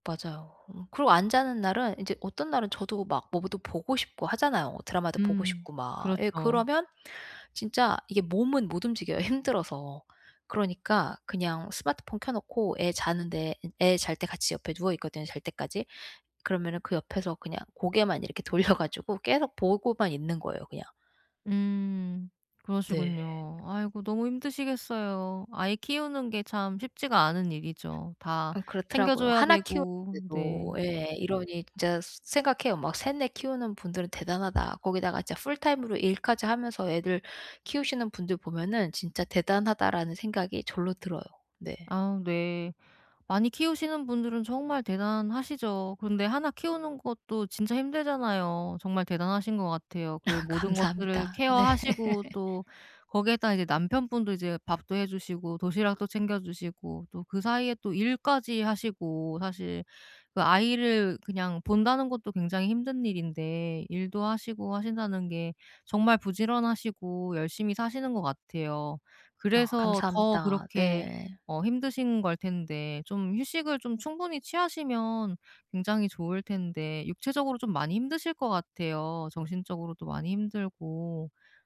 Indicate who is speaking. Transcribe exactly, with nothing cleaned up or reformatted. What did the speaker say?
Speaker 1: 맞아요. 음, 그리고 안 자는 날은 인제 어떤 날은 저도 막 뭐 보 또 보고 싶고 하잖아요. 드라마도 보고
Speaker 2: 음.
Speaker 1: 싶고 막. 예
Speaker 2: 그렇죠.
Speaker 1: 그러면 진짜 이게 몸은 못 움직여요 힘들어서. 그러니까 그냥 스마트폰 켜 놓고 애 자는데 인 애 잘 때 같이 옆에 누워 있거든요, 잘 때까지. 그러면은 그 옆에서 그냥 고개만 이렇게 돌려 가지고 계속 보고만 있는 거예요 그냥.
Speaker 2: 음
Speaker 1: 네.
Speaker 2: 그러시군요. 아이고 너무 힘드시겠어요. 아이 키우는 게 참 쉽지가 않은 일이죠, 다
Speaker 1: 음 그렇더라고요.
Speaker 2: 챙겨줘야
Speaker 1: 하나 키우는
Speaker 2: 되고. 네.
Speaker 1: 데도 예 이러니 진짜 스 생각해요. 막 '셋, 넷 키우는 분들은 대단하다.' 거기다가 이제 풀타임으로 일까지 하면서 애들 키우시는 분들 보면은 '진짜 대단하다.'라는 생각이 절로 들어요. 네.
Speaker 2: 아 네. 많이 키우시는 분들은 정말 대단하시죠. 근데 하나 키우는 것도 진짜 힘들잖아요. 정말 대단하신 것 같아요. 그 모든 것들을
Speaker 1: 감사합니다. 네.
Speaker 2: 케어하시고 또 거기에다 이제 남편분도 이제 밥도 해 주시고 도시락도 챙겨 주시고 또 그 사이에 또 일까지 하시고 사실 그 아이를 그냥 본다는 것도 굉장히 힘든 일인데 일도 하시고 하신다는 게 정말 부지런하시고 열심히 사시는 것 같아요.
Speaker 1: 어
Speaker 2: 그래서 더
Speaker 1: 감사합니다.
Speaker 2: 그렇게
Speaker 1: 네.
Speaker 2: 어 힘드신 걸 텐데 좀 휴식을 좀 충분히 취하시면 굉장히 좋을 텐데 육체적으로 좀 많이 힘드실 것 같아요 정신적으로도 많이 힘들고